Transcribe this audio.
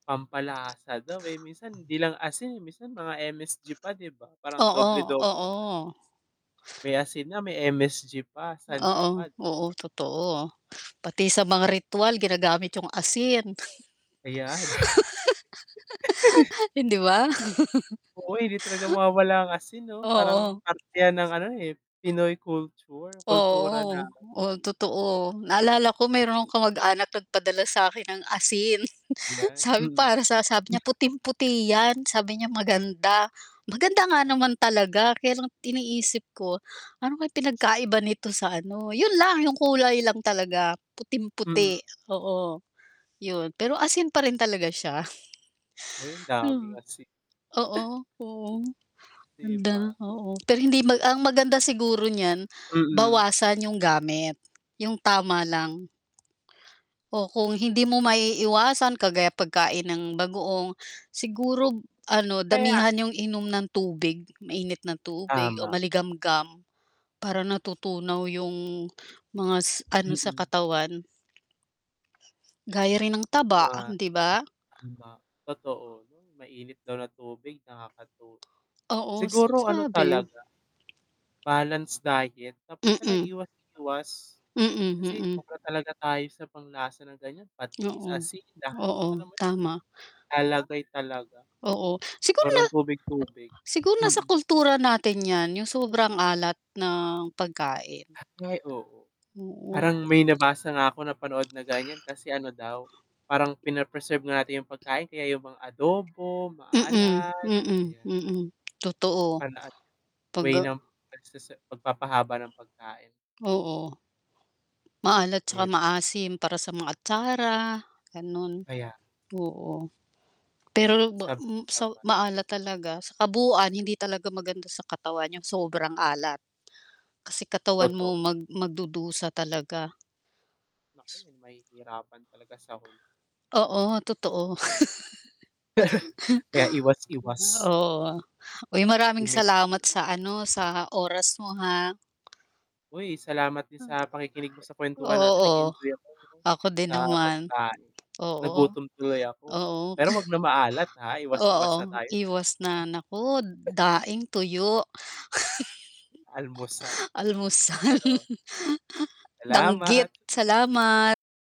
Pampalasa daw, eh, minsan 'di lang asin, eh, minsan mga MSG pa, 'di ba, parang Oo, doble-doble 'yan. oo. May asin na, may MSG pa, sa'n ka Oo, pa d oo, totoo. Pati sa mga ritwal ginagamit 'yong asin. Ayan. Hindi ba? Oo, eh, hindi talaga mawawala ang asin, 'no? Parang Oo. parte 'yan ng ano, eh, Pinoy culture, kultura Oo. natin. Oh, totoo. Naalala ko mayro'n akong kamag-anak nagpadala sa 'kin ng asin. Ayan, Sabi mm. para sa sabi niya, [unintelligible] "Puting-puti 'yan." Sabi niya maganda. Maganda nga Oh. naman talaga. Kaya lang iniisip ko, ano kaya Sa pinagkaiba nito sa ano 'yon lang, 'yong kulay lang talaga, Mm. puting-puti, oo. 'Yon. Pero asin pa rin talaga siya. Hoy, ang daming asi Oo. Oo, oo. 'Di Ganda, ba? oo. Pero hindi mag ang maganda siguro niyan, Mm. bawasan 'yong gamit. 'Yong tama lang. O kung hindi mo maiiwasan kagaya pagkain ng bagoong, siguro ano, Kaya damihan 'yong inom ng tubig, mainit na tubig o Tama. maligamgam. Para natutunaw 'yong, mga s ano sa Mm. katawan. Gaya rin ng taba, Ma um, 'di ba? tama. Totoo. Mainit daw na tubig nakakatu Oo, sa siguro ano sabi. talaga, balanced diet. Tapos sana Mm. iwas-iwas. Mm, Kasi mm. sobra talaga tayo sa panglasa na ganiyan, patis, Oo. asin, lahat, Oo, alam mo 'yon, tama. lalagay talaga. Oo. Siguro na Parang tubig-tubig, siguro nasa mm. kultura natin 'yan, 'yong sobrang alat ng pagkain. Ay, oo. Oo. Parang may nabasa nga ako, napanood na ganiyan. Kasi ano daw, parang pine-preserve nga natin 'yong pagkain, kaya 'yong mga adobo, Mm, maalat, mm, ayan. mm, totoo. Pana at 'Pag way a ng pagsese pagpapahaba ng pagkain. Oo. Maalat 'tsaka 'Di ba? maasim para sa mga atsara gano'n. Ayan. Oo. Pero ba m sa Sabay-sabay. maalat talaga, sa kabuuan hindi talaga maganda sa katawan 'yong sobrang alat. Kasi katawan mo Totoo. mag mag-dudusa talaga. Naku, mahihirapan talaga sa huli. Oo, totoo. Kaya iwas-iwas. Oo. Uy, maraming salamat Limitado. sa, ano, sa oras mo, ha? Hoy, salamat din Hmm. sa pakikinig mo sa kwentuhan natin Oo, nag-enjoy ako ako din sa naman. pagkain. Oo, Nagutom tuloy ako. oo. Pero huwag na maalat, ha, iwas-iwas na Oo, tayo diyan. iwas na. Naku, daing, tuyo. Almusal. Almusal. Pero Danggit, salamat. salamat.